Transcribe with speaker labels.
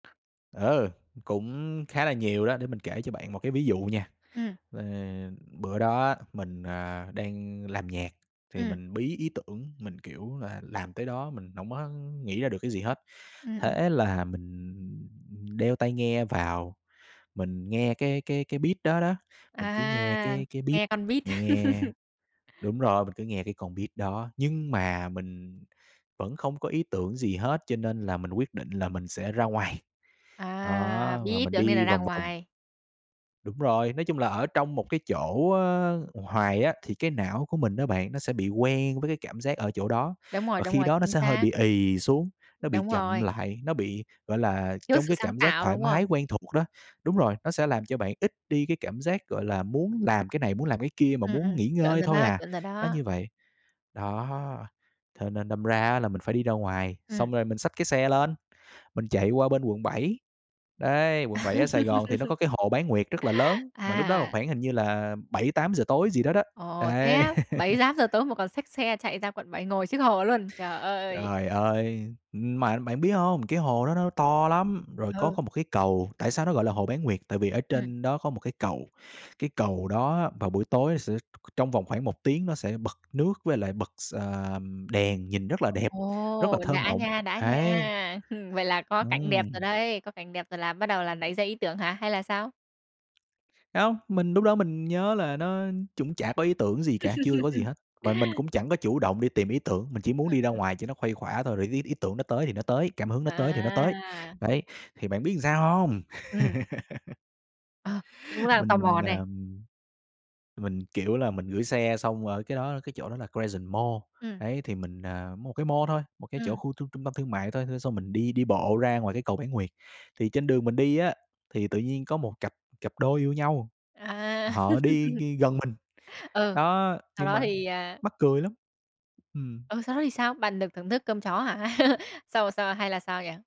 Speaker 1: Ờ, cũng khá là nhiều đó, để mình kể cho bạn một cái ví dụ nha.
Speaker 2: Ừm.
Speaker 1: Ờ, bữa đó á, mình, à, đang làm nhạc thì
Speaker 2: Ừm.
Speaker 1: mình bí ý tưởng mình, kiểu là, làm tới đó mình hổng có nghĩ ra được cái gì hết.
Speaker 2: Ừm, ừm.
Speaker 1: Thế là mình đeo tai nghe vào, mình nghe cái cái cái beat đó đó, mình cứ nghe
Speaker 2: À,
Speaker 1: cái cái beat
Speaker 2: nghe con beat.
Speaker 1: nghe đúng rồi, mình cứ nghe cái con beat đó nhưng mà mình vẫn không có ý tưởng gì hết cho nên là mình quyết định là mình sẽ ra ngoài.
Speaker 2: À,
Speaker 1: Đó,
Speaker 2: bí
Speaker 1: và
Speaker 2: ý
Speaker 1: mình
Speaker 2: tưởng nên
Speaker 1: đi
Speaker 2: là ra
Speaker 1: vòng vòng.
Speaker 2: ngoài.
Speaker 1: Đúng rồi, nói chung là ở trong một cái chỗ, ơ, hoài á thì cái não của mình á bạn, nó sẽ bị quen với cái cảm giác ở chỗ đó,
Speaker 2: Đúng rồi,
Speaker 1: và
Speaker 2: đúng
Speaker 1: khi
Speaker 2: rồi,
Speaker 1: đó nó
Speaker 2: chính
Speaker 1: sẽ hơi
Speaker 2: xác.
Speaker 1: bị ì xuống, nó bị
Speaker 2: Đúng
Speaker 1: chậm
Speaker 2: rồi.
Speaker 1: lại, nó bị, gọi là,
Speaker 2: Thiếu
Speaker 1: trong
Speaker 2: sự
Speaker 1: cái
Speaker 2: sáng
Speaker 1: cảm giác
Speaker 2: tạo,
Speaker 1: thoải
Speaker 2: đúng
Speaker 1: mái
Speaker 2: không?
Speaker 1: quen thuộc đó. Đúng rồi, nó sẽ làm cho bạn ít đi cái cảm giác, gọi là, muốn làm cái này muốn làm cái kia, mà
Speaker 2: Ừm,
Speaker 1: muốn
Speaker 2: ừm.
Speaker 1: nghỉ
Speaker 2: Chuẩn
Speaker 1: ngơi
Speaker 2: rồi
Speaker 1: thôi
Speaker 2: đó,
Speaker 1: à,
Speaker 2: chuẩn rồi
Speaker 1: nó
Speaker 2: đó.
Speaker 1: như vậy. Đó, thế nên đâm ra là mình phải đi ra ngoài,
Speaker 2: Ừm.
Speaker 1: xong rồi mình xách cái xe lên, mình chạy qua bên quận 7. Đấy, quận 7 ở Sài Gòn thì nó có cái hồ Bán Nguyệt rất là lớn, mà lúc đó
Speaker 2: À!
Speaker 1: khoảng hình như là 7:00-8:00 tối gì đó đó.
Speaker 2: Ồ, thế
Speaker 1: Đấy.
Speaker 2: á, bảy tám giờ tối mà còn xách xe chạy ra quận 7 ngồi trước hồ luôn. Trời ơi.
Speaker 1: Trời ơi, ưm, mà bạn biết hông, cái hồ đó nó to lắm, rồi có
Speaker 2: Ừ.
Speaker 1: có một cái cầu tại sao nó gọi là hồ Bán nguyệt? Tại vì ở
Speaker 2: Ừm.
Speaker 1: trên đó có một cái cầu, cái cầu đó vào buổi tối sẽ trong vòng khoảng 1 tiếng nó sẽ bật nước với lại bật s ờm, đèn nhìn rất là đẹp, rất
Speaker 2: Ồ,
Speaker 1: là thơ
Speaker 2: đã
Speaker 1: mộng,
Speaker 2: nha, đã
Speaker 1: ấy.
Speaker 2: nha. Vậy là có cảnh đẹp rồi
Speaker 1: Ừm.
Speaker 2: đây, có cảnh đẹp rồi là bắt đầu là nảy ra ý tưởng hả, hay là sao?
Speaker 1: Hông, mình lúc đó mình nhớ là nó cũng chả có ý tưởng gì cả, chưa có gì hết. Mà mình cũng chẳng có chủ động đi tìm ý tưởng, mình chỉ muốn đi ra
Speaker 2: [unintelligible]
Speaker 1: ngoài cho nó khuây khỏa thôi rồi ý ý tưởng nó tới thì nó tới, cảm hứng nó tới thì nó tới,
Speaker 2: À!
Speaker 1: đấy, thì bạn biết làm sao hông?
Speaker 2: Ừm. Ờ, cũng đang tò
Speaker 1: Mình,
Speaker 2: mò
Speaker 1: à,
Speaker 2: này.
Speaker 1: mình, kiểu là, mình gửi xe xong rồi ở cái đó cái chỗ đó là Crescent Mall,
Speaker 2: Ừm.
Speaker 1: đấy, thì mình, à một cái mall thôi, một cái chỗ
Speaker 2: Ừm.
Speaker 1: khu trung trung tâm thương mại thôi, xong xong mình đi đi bộ ra ngoài cái cầu Bán Nguyệt. Thì trên đường mình đi á, thì tự nhiên có một cặp cặp đôi yêu nhau,
Speaker 2: À!
Speaker 1: họ đi đi gần mình.
Speaker 2: Ừ,
Speaker 1: Đó,
Speaker 2: sau
Speaker 1: nhưng
Speaker 2: đó
Speaker 1: mà
Speaker 2: thì, à
Speaker 1: mắc cười lắm ừm.
Speaker 2: Ừ, sau đó thì sao? Bạn được thưởng thức cơm chó hả? Sao là sao hay là sao vậy?